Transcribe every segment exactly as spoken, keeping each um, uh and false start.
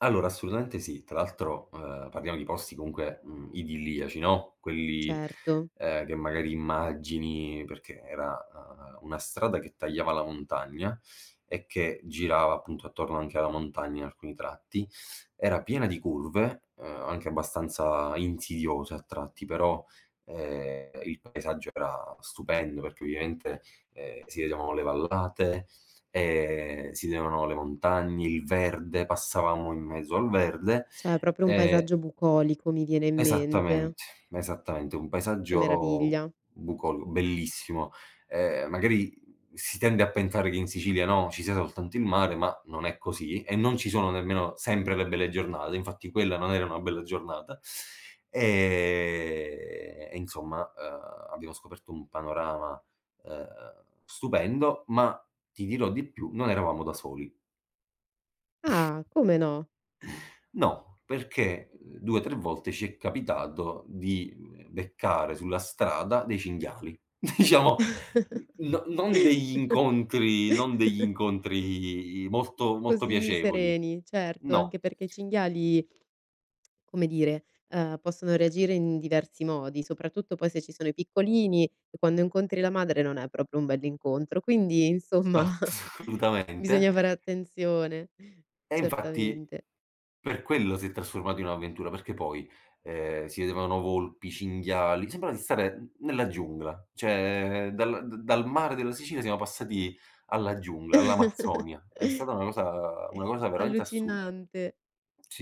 Allora, assolutamente sì, tra l'altro, ehm, parliamo di posti comunque, mhmm, idilliaci, no, quelli, Certo. ehm, che magari immagini, perché era, ehm, una strada che tagliava la montagna e che girava appunto attorno anche alla montagna, in alcuni tratti, era piena di curve, ehm, anche abbastanza insidiose a tratti, però, ehm, il paesaggio era stupendo, perché ovviamente, ehm, si vedevano le vallate, e si vedevano le montagne, il verde, passavamo in mezzo al verde. Cioè, proprio un E paesaggio bucolico, mi viene in mente. Esattamente, esattamente, un Che paesaggio meraviglia. bucol bellissimo. Ehm, magari si tende a pensare che in Sicilia, no, ci sia soltanto il mare, ma non è così, e non ci sono nemmeno sempre le belle giornate, infatti quella non era una bella giornata e e insomma, uhm, abbiamo scoperto un panorama, uhm, stupendo, ma ti dirò di più, non eravamo da soli. Ah, come no? No, perché, mhmm, due tre volte ci è capitato di beccare, sulla strada dei cinghiali, diciamo no non degli incontri non degli incontri molto, molto Così piacevoli. sereni, certo, anche No. perché i cinghiali come dire, ehm, possono reagire in diversi modi, soprattutto poi se ci sono i piccolini, e quando incontri la madre non è proprio un bell'incontro, quindi, insomma, Ma solutamente bisogna fare attenzione, E infatti certamente. per quello si è trasformato in un'avventura, perché poi, ehm, si vedevano volpi, cinghiali, sembrava di stare n nella giungla, cioè dal da dal mare della Sicilia, siamo passati alla giungla, all'Amazzonia. È stata una cosa una cosa veramente assurda. Allucinante.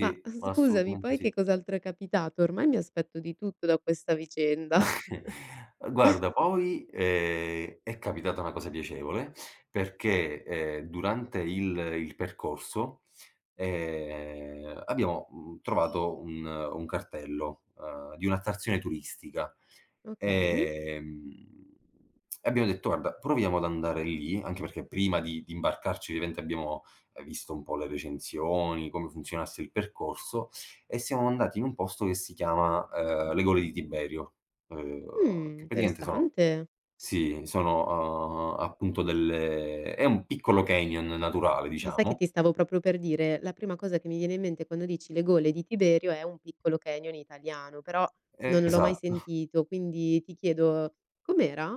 Ma ma scusami, assolutamente poi che sì. cos'altro è capitato? Ormai mi aspetto di tutto da questa vicenda. Guarda poi è è capitata una cosa piacevole, perché, ehm, durante il il percorso, ehm, abbiamo, mhmm, trovato un un cartello, ehm, di un'attrazione turistica, Okay. ehm, e abbiamo detto: "Guarda, proviamo ad andare lì", anche perché prima di di imbarcarci, ovviamente abbiamo visto un po' le recensioni, come funzionasse il percorso, e siamo andati in un posto che si chiama, ehm, le gole di Tiberio, ehm, Mh, che pratiaente sono interessante. sì, sono, ehm, appunto delle è un piccolo canyon naturale, Ma sai che ti diciamo. stavo propio per dire, la prima cosa che mi viene in mente quando dici le gole di Tiberio è un piccolo canyon italiano, però non l'ho mai Esatto. sentito, quindi ti chiedo: com'era?